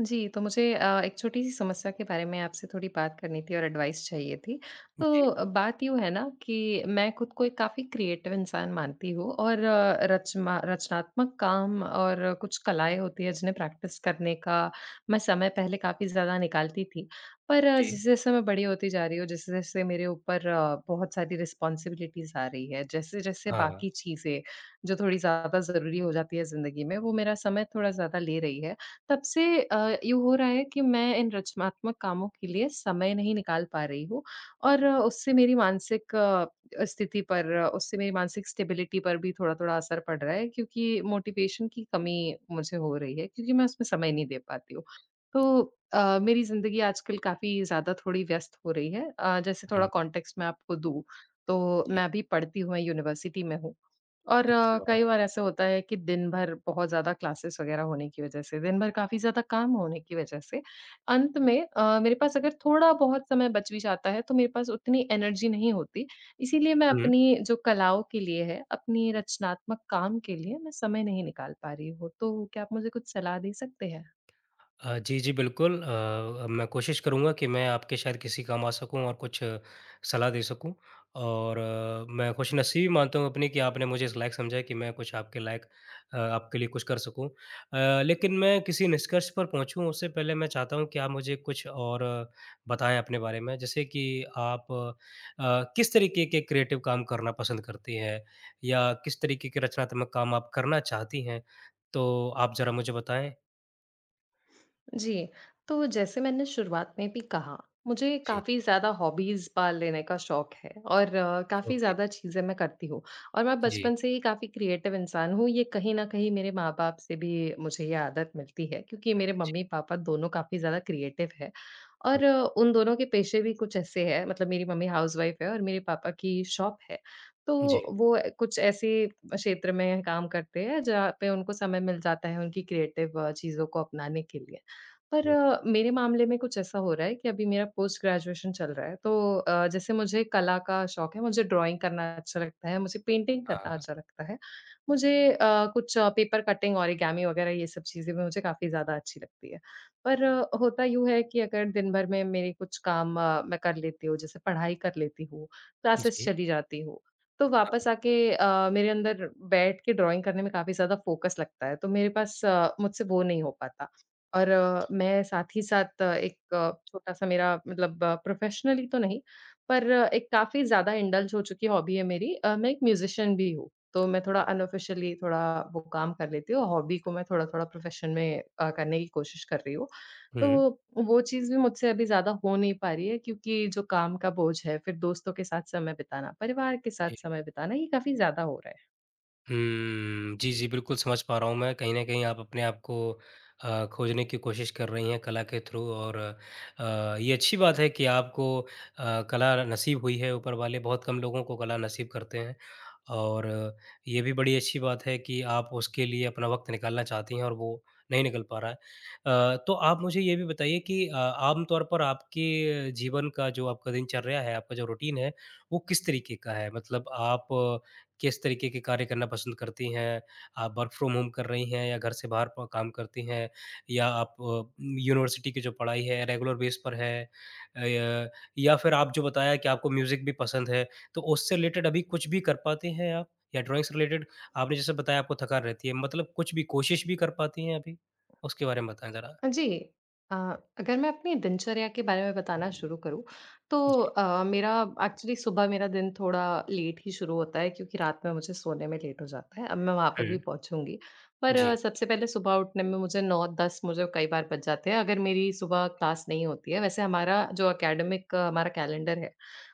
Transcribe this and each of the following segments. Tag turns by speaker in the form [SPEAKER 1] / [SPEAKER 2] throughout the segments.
[SPEAKER 1] जी, तो मुझे अ, 1 छोटी-सी समस्या के बारे में आपसे थोड़ी बात करनी थी और एडवाइस चाहिए थी।
[SPEAKER 2] जी।
[SPEAKER 1] तो बात यूँ है न, कि मैं खुद को एक काफ़ी क्रिएटिव इंसान मानती हूँ। और रचना रचनात्मक काम और कुछ कलाएँ होती हैं जिन्हें प्रैक्टिस करने का मैं समय पहले काफ़ी ज़्यादा निकालती थी। पर
[SPEAKER 2] जी।
[SPEAKER 1] जैसे-जैसे मैं बड़ी होती जा रही हूँ, जैसे-जैसे मेरे ऊपर बहुत सारी रिस्पॉन्सिबिलिटीज़ आ रही हैं। जैसे-जैसे
[SPEAKER 2] हाँ।
[SPEAKER 1] बाकी चीज़ें जो थोड़ी ज़्यादा ज़रूरी हो जाती हैं ज़िंदगी में, वो मेरा समय थोड़ा ज़्यादा ले रही हैं। तब से अ, यूँ हो रहा है कि मैं इन रचनात्मक कामों के लिए समय नहीं निकाल पा रही हूँ। और उससे मेरी मानसिक अ, स्थिति पर उससे मेरी मानसिक स्टेबिलिटी पर भी थोड़ा-थोड़ा असर पड़ रहा है। क्योंकि मोटिवेशन की कमी मुझे हो रही है, क्योंकि मैं उसमें समय नहीं दे पाती हूँ। तो अ, मेरी ज़िंदगी आज कल काफ़ी ज़्यादा थोड़ी व्यस्त हो रही है। अ, जैसे थोड़ा
[SPEAKER 2] हुँ।
[SPEAKER 1] कॉन्टेक्स्ट मैं आपको दूँ, तो
[SPEAKER 2] जी।
[SPEAKER 1] मैं अभी पढ़ती हूँ, मैं यूनिवर्सिटी में हूँ। और अ,
[SPEAKER 2] अच्छा।
[SPEAKER 1] कई बार ऐसा होता है कि दिन भर बहुत ज़्यादा क्लासेस वग़ैरह होने की वज़ह से, दिन भर काफ़ी ज़्यादा काम होने की वज़ह से, अंत में अ, मेरे पास अगर थोड़ा बहुत समय बच भी जाता है तो मेरे पास उतनी एनर्जी नहीं होती, इसीलिए मैं
[SPEAKER 2] हुँ।
[SPEAKER 1] अपनी जो कलाओं के लिए है, अपनी रचनात्मक काम के लिए मैं समय नहीं निकाल पा रही हूँ। तो क्या आप मुझे कुछ सलाह दे सकते हैं?
[SPEAKER 2] अ, जी, जी। बिल्कुल अ अ, मैं कोशिश करूँगा कि मैं आपके शायद किसी काम आ सकूँ और कुछ सलाह दे सकूँ। और अ, मैं खुश नसीबी मानता हूँ अपनी, कि आपने मुझे इस लायक समझा कि मैं कुछ आपके लायक अ, आपके लिए कुछ कर सकूँ। अ, लेकिन मैं किसी निष्कर्ष पर पहुँचूँ, उससे पहले मैं चाहता हूँ कि आप मुझे कुछ और बताएँ अपने बारे में, जैसे कि आप अ, किस तरीके के क्रिएटिव काम करना पसंद करती हैं? या किस तरीके के रचनात्मक काम आप करना चाहती हैं, तो आप ज़रा मुझे बताएँ?
[SPEAKER 1] जी। तो जैसे मैंने शुरुआत में भी कहा, मुझे
[SPEAKER 2] जी।
[SPEAKER 1] काफ़ी ज़्यादा हॉबीज़ पाल लेने का शौक है और अ, काफ़ी
[SPEAKER 2] ओके।
[SPEAKER 1] ज़्यादा चीज़ें मैं करती हूँ। और मैं
[SPEAKER 2] जी।
[SPEAKER 1] बचपन से ही काफ़ी क्रिएटिव इंसान हूँ। ये कहीं न कहीं मेरे माँ-बाप से भी, मुझे ये आदत मिलती है। क्योंकि
[SPEAKER 2] हाँ
[SPEAKER 1] मेरे
[SPEAKER 2] जी।
[SPEAKER 1] मम्मी-पापा दोनों काफ़ी ज़्यादा क्रिएटिव हैं।
[SPEAKER 2] हुँ।
[SPEAKER 1] और उन दोनों के पेशे भी कुछ ऐसे हैं, मतलब मेरी मम्मी हाउसवाइफ़ है और मेरे पापा की शॉप है। तो
[SPEAKER 2] जी।
[SPEAKER 1] वो अ, कुछ ऐसे क्षेत्र में काम करते हैं, जहाँ पे उनको समय मिल जाता है उनकी क्रिएटिव अ, चीज़ों को अपनाने के लिए। पर
[SPEAKER 2] हुँ।
[SPEAKER 1] अ, मेरे मामले में कुछ ऐसा हो रहा है कि अभी मेरा पोस्ट ग्रेजुएशन चल रहा है। तो अ, जैसे मुझे कला का शौक है, मुझे ड्राइंग करना अच्छा लगता है, मुझे पेंटिंग करना
[SPEAKER 2] हाँ।
[SPEAKER 1] अच्छा लगता है। मुझे अ, कुछ पेपर कटिंग, ओरिगामी वग़ैरह ये सब चीज़ें भी मुझे काफ़ी ज़्यादा अच्छी लगती है। पर होता यूँ है कि अगर दिन भर में मेरे कुछ काम अ, मैं कर लेती हूँ, जैसे पढ़ाई कर लेती हूँ, क्लासेस
[SPEAKER 2] जी।
[SPEAKER 1] चली जाती हूँ। तो
[SPEAKER 2] हाँ।
[SPEAKER 1] वापस आके अ, मेरे अंदर बैठ के ड्राइंग करने में काफ़ी ज़्यादा फ़ोकस लगता है। तो मेरे पास अ, मुझसे वो नहीं हो पाता। और मैं साथ ही साथ एक छोटा-सा मेरा मतलब प्रोफेशनली तो नहीं, पर एक काफ़ी ज़्यादा इंडल्ज़ हो चुकी हॉबी है मेरी अ, मैं एक म्यूज़िशियन भी हूँ। तो मैं थोड़ा अनऑफिशियली थोड़ा वो काम कर लेती हूँ। हॉबी को मैं थोड़ा-थोड़ा प्रोफ़ेशन में अ, करने की कोशिश कर रही हूँ।
[SPEAKER 2] हुँ।
[SPEAKER 1] तो, वो चीज़ भी मुझसे अभी ज़्यादा हो नहीं पा रही है, क्योंकि जो काम का बोझ है। फिर दोस्तों के साथ समय बिताना, परिवार के साथ
[SPEAKER 2] जी।
[SPEAKER 1] समय बिताना ये काफ़ी ज़्यादा हो रहा है।
[SPEAKER 2] हम्म, जी, जी, बिल्कुल समझ पा रहा हूँ मैं। कहीं न कहीं आप अपने आप को अ, खोजने की कोशिश कर रही हैं कला के थ्रू और अ, ये अच्छी बात है कि आपको अ, कला न नसीब हुई है, ऊपर वाले बहुत कम लोगों को कला नसीब करते हैं। और ये भी बड़ी अच्छी बात है कि आप उसके लिए अपना वक़्त निकालना चाहती हैं और वो नहीं निकल पा रहा है। अ, तो आप मुझे ये भी बताइए कि अ, आमतौर पर आपके जीवन का जो आपका दिनचर्या है, आपका जो रूटीन है, वो किस तरीके का है? मतलब आप किस तरीके के कार्य करना पसंद करती हैं? आप वर्क फ्रॉम होम कर रही हैं या घर से बाहर प काम करती हैं? या आप अ, यूनिवर्सिटी की जो पढ़ाई है रेगुलर बेस पर है? अ, य या फिर आप जो बताया कि आपको म्यूज़िक भी पसंद है तो उससे रिलेटेड अभी कुछ भी कर पाती हैं आप, या ड्राइंग से रिलेटेड? आपने जैसे बताया आपको थकान रहती है मतलब कुछ भी कोशिश भी कर पाती हैं अभी? उसके बारे में बताएँ ज़रा।
[SPEAKER 1] अ, जी। अ, अगर मैं अपनी दिनचर्या के बारे में बताना शुरू करूँ, तो
[SPEAKER 2] जी।
[SPEAKER 1] अ, मेरा एक्चुअली सुबह मेरा दिन थोड़ा लेट ही शुरू होता है क्योंकि रात में मुझे सोने में लेट हो जाता है। अब मैं वहाँ पर भी
[SPEAKER 2] हुँ।
[SPEAKER 1] पहुँचूँगी। पर अ,
[SPEAKER 2] जी।
[SPEAKER 1] सबसे पहले सुबह उठने में मुझे 9-10 मुझे कई बार बज जाते हैं अगर मेरी सुबह क्लास नहीं होती है। वैसे हमारा जो एकेडमिक हमारा कैलेंडर है,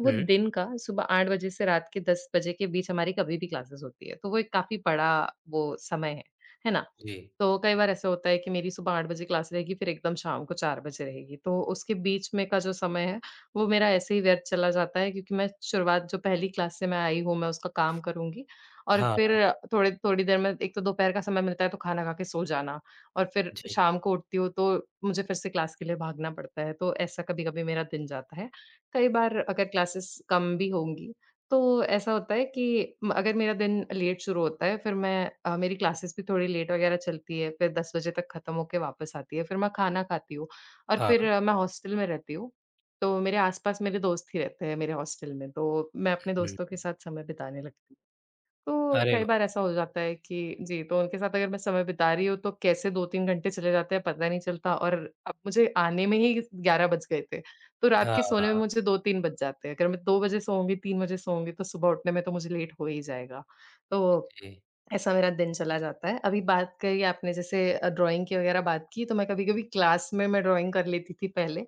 [SPEAKER 1] वो
[SPEAKER 2] हुँ।
[SPEAKER 1] दिन का सुबह 8 बजे से रात के 10 बजे के बीच हमारी कभी भी क्लासेस होती हैं तो वो एक काफ़ी बड़ा वो समय है। है ना?
[SPEAKER 2] जी।
[SPEAKER 1] तो कई बार ऐसा होता है कि मेरी सुबह 8 बजे क्लास रहेगी फिर एकदम शाम को 4 बजे रहेगी। तो उसके बीच में का जो समय है, वो मेरा ऐसे ही व्यर्थ चला जाता है क्योंकि मैं शुरुआत जो पहली क्लास से मैं आई हूँ मैं उसका काम करुँगी, और फिर
[SPEAKER 2] हाँ।
[SPEAKER 1] थोड़े थोड़ी देर में एक तो दोपहर का समय मिलता है तो खाना खा के सो जाना, और फिर
[SPEAKER 2] जी।
[SPEAKER 1] शाम को उठती हूँ तो मुझे फिर से क्लास के लिए भागना पड़ता है तो ऐसा कभी-कभी मेरा दिन जाता है। कई बार अगर क्लासेस कम भी होंगी तो ऐसा होता है कि म अगर मेरा दिन लेट शुरू होता है, फिर मैं अ, मेरी क्लासेस भी थोड़ी लेट वग़ैरह चलती है फिर 10 बजे तक खत्म होके वापस आती है। फिर मैं खाना खाती हूँ और फिर
[SPEAKER 2] हाँ।
[SPEAKER 1] मैं हॉस्टल में रहती हूँ। तो मेरे आस-पास मेरे दोस्त ही रहते हैं मेरे हॉस्टल में। तो मैं अपने
[SPEAKER 2] हुँ।
[SPEAKER 1] दोस्तों के साथ समय बिताने लगती। तो
[SPEAKER 2] अरे
[SPEAKER 1] कई
[SPEAKER 2] व
[SPEAKER 1] बार ऐसा हो जाता है कि जी, तो उनके साथ अगर मैं समय बिता रही हूँ तो कैसे 2-3 घंटे चले जाते हैं पता नहीं चलता और अब मुझे आने में ही 11 बज गए थे, तो रात
[SPEAKER 2] हाँ,
[SPEAKER 1] के सोने में
[SPEAKER 2] हाँ।
[SPEAKER 1] मुझे 2-3 बज जाते हैं। अगर मैं 2 बजे सोऊँगी, 3 बजे सोऊँगी तो सुबह उठने में तो मुझे लेट हो ही जाएगा। तो
[SPEAKER 2] जी।
[SPEAKER 1] ऐसा मेरा दिन चला जाता है। अभी बात करी आपने जैसे अ, ड्राइंग की वग़ैरह बात की तो मैं कभी-कभी क्लास में मैं ड्राइंग कर लेती थी पहले।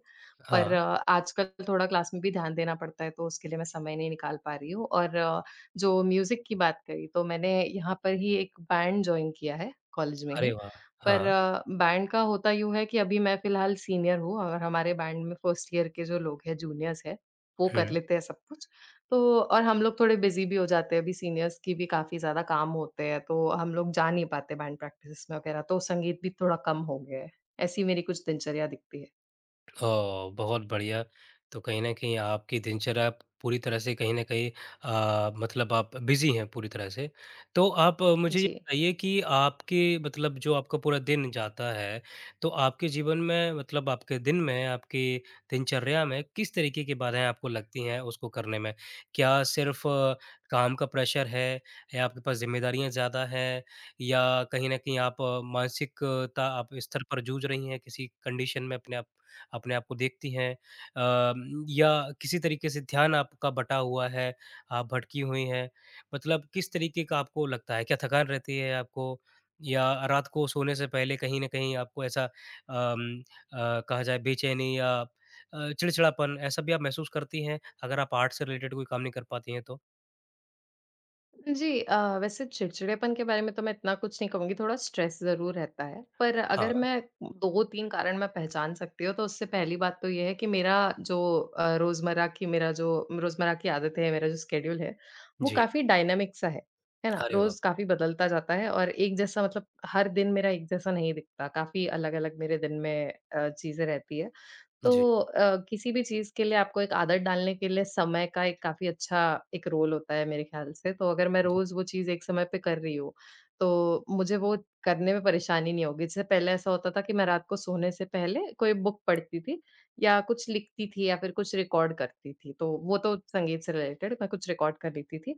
[SPEAKER 1] पर
[SPEAKER 2] हाँ।
[SPEAKER 1] आजकल थोड़ा क्लास में भी ध्यान देना पड़ता है तो उसके लिए मैं समय नहीं निकाल पा रही हूँ। और अ, जो म्यूज़िक की बात करी तो मैंने यहाँ पर ही एक बैंड जॉइन किया है कॉलेज में ही।
[SPEAKER 2] अरे वाह!
[SPEAKER 1] पर
[SPEAKER 2] हाँ।
[SPEAKER 1] अ, बैंड का होता यूँ है कि अभी मैं फिलहाल सीनियर हूँ और हमारे बैंड में 1st ईयर के जो लोग हैं जूनियर्स हैं, वो कर
[SPEAKER 2] हुँ।
[SPEAKER 1] लेते हैं सब कुछ। तो और हम लोग थोड़े बिज़ी भी हो जाते हैं। अभी सीनियर्स की भी काफ़ी ज़्यादा काम होते हैं तो हम लोग जा नहीं पाते बैंड प्रैक्टिसेस वग़ैरह तो संगीत भी थोड़ा कम हो गया है। ऐसी मेरी कुछ दिनचर्या दिखती है।
[SPEAKER 2] अ, बहुत बढ़िया। तो कहीं न कहीं आपकी दिनचर्या पूरी तरह से कहीं न कहीं अ, मतलब आप बिज़ी हैं, पूरी तरह से। तो आप मुझे ये
[SPEAKER 1] जी।
[SPEAKER 2] बताइए कि आपके मतलब जो आपका पूरा दिन जाता है, तो आपके जीवन में, मतलब आपके दिन में, आपकी दिनचर्या में किस तरीके की बाधाएँ आपको लगती हैं, उसको करने में? क्या सिर्फ़ काम का प्रेशर है या आपके पास ज़िम्मेदारियाँ ज़्यादा हैं या कहीं न कहीं आप मानसिकता आप स्तर पर जूझ रही हैं, किसी कंडीशन में अपने आप अपने आप को देखती हैं? अ, या किसी तरीके से ध्यान आपका बटा हुआ है, आप भटकी हुई हैं, मतलब किस तरीके का आपको लगता है, क्या थकान रहती है आपको या रात को सोने से पहले कहीं न कहीं आपको ऐसा अम, अ, कहा जाए बेचैनी या अ, चिड़चिड़ापन ऐसा भी आप महसूस करती हैं? अगर आप आर्ट्स से रिलेटेड कोई काम नहीं कर पाती हैं, तो?
[SPEAKER 1] जी अ, वैसे चिड़चिड़ेपन के बारे में तो मैं इतना कुछ नहीं कहूँगी थोड़ा स्ट्रेस ज़रूर रहता है। पर अगर
[SPEAKER 2] हाँ।
[SPEAKER 1] मैं 2-3 कारण में पहचान सकती हूँ, तो उससे पहली बात तो ये है, कि मेरा जो अ, रोजमर्रा की मेरा जो रोजमर्रा की आदत है, मेरा जो शेड्यूल है, वो
[SPEAKER 2] जी।
[SPEAKER 1] काफ़ी डायनामिक सा है। है ना?
[SPEAKER 2] अरे वाह!
[SPEAKER 1] रोज काफ़ी बदलता जाता है और एक जैसा मतलब हर दिन मेरा एक जैसा नहीं दिखता। काफ़ी अलग-अलग मेरे दिन में अ, चीजें रहती हैं। तो
[SPEAKER 2] जी।
[SPEAKER 1] अ, किसी भी चीज़ के लिए आपको एक आदत डालने के लिए समय का एक काफ़ी अच्छा एक रोल होता है, मेरे ख़्याल से, तो अगर मैं
[SPEAKER 2] जी।
[SPEAKER 1] रोज़ वो चीज़ एक समय पे कर रही हूँ, तो मुझे वो करने में परेशानी नहीं होगी। जिससे पहले ऐसा होता था कि मैं रात को सोने से पहले कोई बुक पढ़ती थी या कुछ लिखती थी या फिर कुछ रिकॉर्ड करती थी। तो वो तो संगीत से रिलेटेड, मैं कुछ रिकॉर्ड कर लेती थी।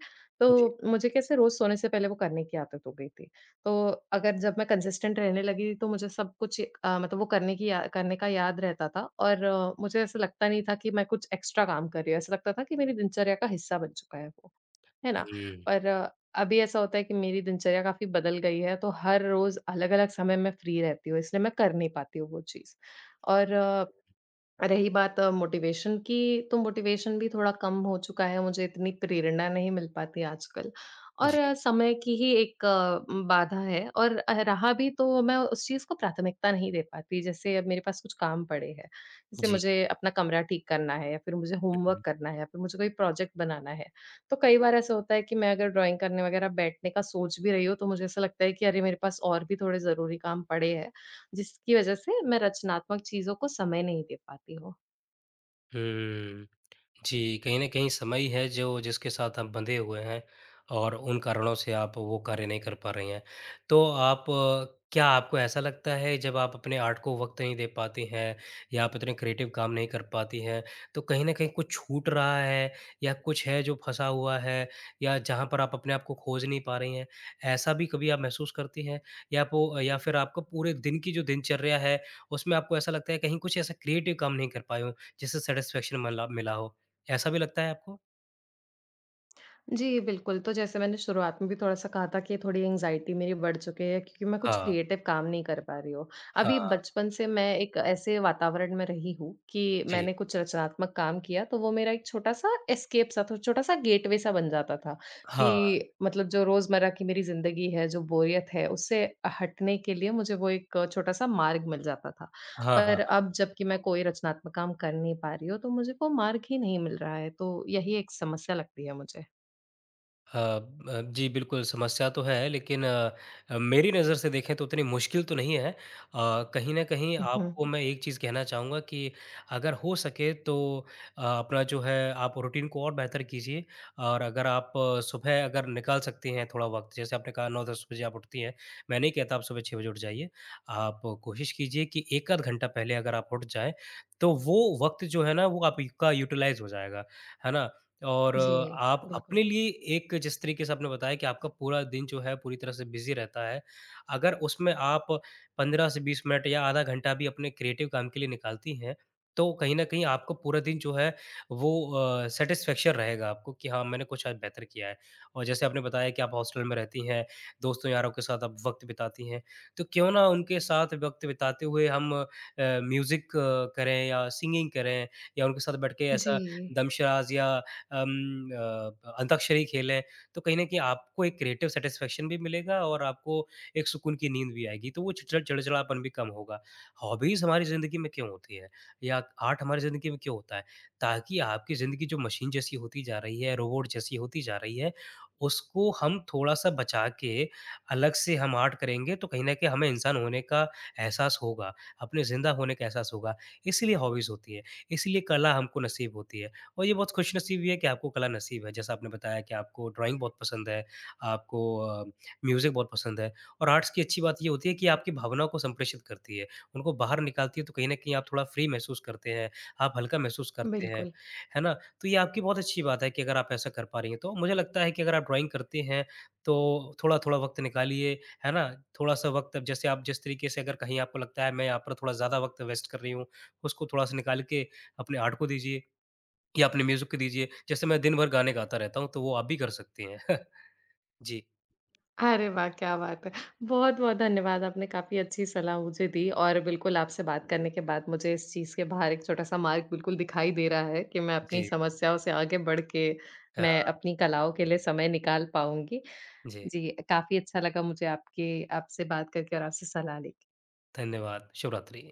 [SPEAKER 2] जी।
[SPEAKER 1] तो, मुझे कैसे रोज सोने से पहले वो करने की आदत हो गयी थी। तो, अगर जब मैं कंसिस्टेंट रहने लगी थी, तो मुझे सब कुछ अ, मतलब वो करने की अ, करने का याद रहता था। और मुझे ऐसा लगता नहीं था, कि मैं कुछ एक्स्ट्रा काम कर रही हूँ। ऐसा लगता था कि मेरी दिनचर्या का हिस्सा बन चुका है वो। है ना।
[SPEAKER 2] हुँ।
[SPEAKER 1] पर अभी ऐसा होता है, कि मेरी दिनचर्या काफ़ी बदल गई है, तो हर रोज अलग-अलग समय मैं फ्री रहती हूँ। इसलिए मैं कर नहीं पाती हूँ, वो चीज़। और रही बात मोटिवेशन की, तो मोटिवेशन भी थोड़ा कम हो चुका है, मुझे इतनी प्रेरणा नहीं मिल पाती आजकल। और
[SPEAKER 2] जी।
[SPEAKER 1] अ, समय की ही एक बाधा है और अ, रहा भी तो मैं उस चीज़ को प्राथमिकता नहीं दे पाती, जैसे अब मेरे पास कुछ काम पड़े हैं, जैसे
[SPEAKER 2] जी।
[SPEAKER 1] मुझे अपना कमरा ठीक करना है, फिर मुझे
[SPEAKER 2] उ,
[SPEAKER 1] होमवर्क
[SPEAKER 2] हुँ।
[SPEAKER 1] करना है या फिर मुझे कोई प्रोजेक्ट बनाना है। तो कई बार ऐसा होता है, कि मैं अगर ड्राइंग करने वग़ैरह बैठने का सोच भी रही हूँ, तो मुझे ऐसा लगता है कि अरे मेरे पास और भी थोड़े ज़रूरी काम पड़े हैं, जिसकी वजह से मैं रचनात्मक चीज़ों को समय नहीं दे पाती हूँ।
[SPEAKER 2] हम्म। जी, कहीं न कहीं समय ही है, जो जिसके साथ आप बंधे हुए हैं और उन कारणों से आप वो कार्य नहीं कर पा रही हैं। तो आप अ, क्या आपको ऐसा लगता है, जब आप अपने आर्ट को वक़्त नहीं दे पाती हैं या आप इतने क्रिएटिव काम नहीं कर पाती हैं, तो कहीं न कहीं कुछ छूट रहा है या कुछ है, जो फँसा हुआ है या जहाँ पर आप अपने आप को खोज नहीं पा रही हैं, ऐसा भी कभी आप महसूस करती हैं? या पो या फिर आपको पूरे दिन की जो दिनचर्या है, उसमें आपको ऐसा लगता है कहीं कुछ ऐसा क्रिएटिव काम नहीं कर पाए हो? जिससे सैटिस्फैक्शन मला मिला हो, ऐसा भी लगता है आपको?
[SPEAKER 1] जी, बिल्कुल। तो जैसे मैंने शुरुआत में भी थोड़ा-सा कहा था कि थोड़ी एंग्ज़ायटी मेरी बढ़ चुकी है, क्योंकि मैं कुछ
[SPEAKER 2] हाँ।
[SPEAKER 1] क्रिएटिव काम नहीं कर पा रही हूँ। अभी
[SPEAKER 2] हाँ।
[SPEAKER 1] बचपन से मैं एक ऐसे वातावरण में रही हूँ, कि
[SPEAKER 2] जी।
[SPEAKER 1] मैंने कुछ रचनात्मक काम किया, तो वो मेरा एक छोटा-सा एस्केप सा था छोटा-सा गेटवे सा बन जाता था।
[SPEAKER 2] हाँ।
[SPEAKER 1] कि मतलब जो रोजमर्रा की मेरी ज़िंदगी है, जो बोरियत है, उससे हटने के लिए मुझे वो एक छोटा-सा मार्ग मिल जाता था।
[SPEAKER 2] हाँ,
[SPEAKER 1] पर
[SPEAKER 2] हाँ, हाँ।
[SPEAKER 1] अब जब की मैं कोई रचनात्मक काम कर नहीं पा रही हूँ, तो मुझको मार्ग ही नहीं मिल रहा है, तो यही एक समस्या लगती है मुझे।
[SPEAKER 2] अ अ, जी बिल्कुल, समस्या तो है लेकिन मेरी नज़र से देखें तो उतनी मुश्किल तो नहीं है अ, कहीं न कहीं
[SPEAKER 1] उहुँ,
[SPEAKER 2] आपको
[SPEAKER 1] हुँ।
[SPEAKER 2] मैं एक चीज़ कहना चाहूँगा कि अगर हो सके तो अ, अपना जो है आप रूटीन को और बेहतर कीजिए और अगर आप सुबह अगर निकाल सकती हैं थोड़ा वक़्त जैसे आपने कहा 9-10 बजे आप उठती हैं, मैं नहीं कहता आप सुबह 6 बजे उठ जाइए। आप कोशिश कीजिए कि एक आध घंटा पहले अगर आप उठ जाएँ तो वो वक़्त जो है ना वो आपका यूटिलाइज हो जाएगा। है ना? और
[SPEAKER 1] जी।
[SPEAKER 2] आप
[SPEAKER 1] बिल्कुल।
[SPEAKER 2] अपने लिए एक जिस तरीके से आपने बताया कि आपका पूरा दिन जो है पूरी तरह से बिजी रहता है। अगर उसमें आप 15 से 20 मिनट या आधा घंटा भी अपने क्रिएटिव काम के लिए निकालती हैं तो कहीं न कहीं आपको पूरा दिन जो है वो अ, सैटिस्फैक्शन रहेगा आपको कि हाँ, मैंने कुछ आज बेहतर किया है। और जैसे आपने बताया कि आप हॉस्टल में रहती हैं, दोस्तों यारों के साथ आप वक़्त बिताती हैं, तो क्यों ना उनके साथ वक़्त बिताते हुए हम अ, म्यूजिक करें या सिंगिंग करें या उनके साथ बैठ के ऐसा
[SPEAKER 1] जी।
[SPEAKER 2] दमशराज या अम, अ, अंताक्षरी खेलें तो कहीं न कहीं आपको एक क्रिएटिव सैटिस्फैक्शन भी मिलेगा और आपको एक सुकून की नींद भी आएगी तो वो चि चिड़चिड़ापन भी कम होगा। हॉबीज हमारी ज़िंदगी में क्यों होती है? या आर्ट हमारी ज़िन्दगी में क्यों होता है? ताकि आपकी ज़िन्दगी जो मशीन जैसी होती जा रही है, रोबोट जैसी होती जा रही है उसको हम थोड़ा-सा बचा के अलग से हम आर्ट करेंगे तो कहीं न कहीं हमें इंसान होने का एहसास होगा, अपने ज़िंदा होने का एहसास होगा इसीलिए हॉबीज होती हैं, इसीलिए कला हमको नसीब होती है और ये बहुत खुशनसीबी है कि आपको कला नसीब है। जैसा आपने बताया कि आपको ड्राइंग बहुत पसंद है, आपको अ, म्यूजिक बहुत पसंद है और आर्ट्स की अच्छी बात ये होती है कि आपकी भावनाओं को संप्रेषित करती है। उनको बाहर निकालती है तो कहीं न कहीं आप थोड़ा फ्री महसूस करते हैं, आप हल्का महसूस करते हैं।
[SPEAKER 1] बिल्कुल।
[SPEAKER 2] है ना? तो ये आपकी बहुत अच्छी बात है कि अगर आप ऐसा कर पा रही हैं तो मुझे लगता है कि अगर आप ड्राइंग करते हैं तो थोड़ा-थोड़ा वक़्त निकालिए, है ना? थोड़ा-सा वक़्त अब जैसे आप जिस तरीके से अगर कहीं आपको लगता है मैं यहाँ पर थोड़ा ज़्यादा वक़्त वेस्ट कर रही हूँ, उसको थोड़ा-सा निकाल के अपने आर्ट को दीजिए या अपने म्यूजिक को दीजिए। जैसे मैं दिन भर गाने गाता रहता हूँ, तो वो आप भी कर सकती हैं। जी।
[SPEAKER 1] अरे वाह! क्या बात है। बहुत-बहुत धन्यवाद आपने काफ़ी अच्छी सलाह मुझे दी और बिल्कुल, आपसे बात करने के बाद मुझे इस चीज़ के बाहर एक छोटा-सा मार्ग बिल्कुल दिखाई दे रहा है कि, मैं अपनी
[SPEAKER 2] जी।
[SPEAKER 1] समस्याओं से आगे बढ़ के, मैं
[SPEAKER 2] हाँ।
[SPEAKER 1] अपनी कलाओं के लिए समय निकाल पाऊँगी।
[SPEAKER 2] जी।
[SPEAKER 1] जी, काफ़ी अच्छा लगा मुझे आपकी आपसे बात करके और आपसे सलाह लेके।
[SPEAKER 2] धन्यवाद, शुभरात्रि।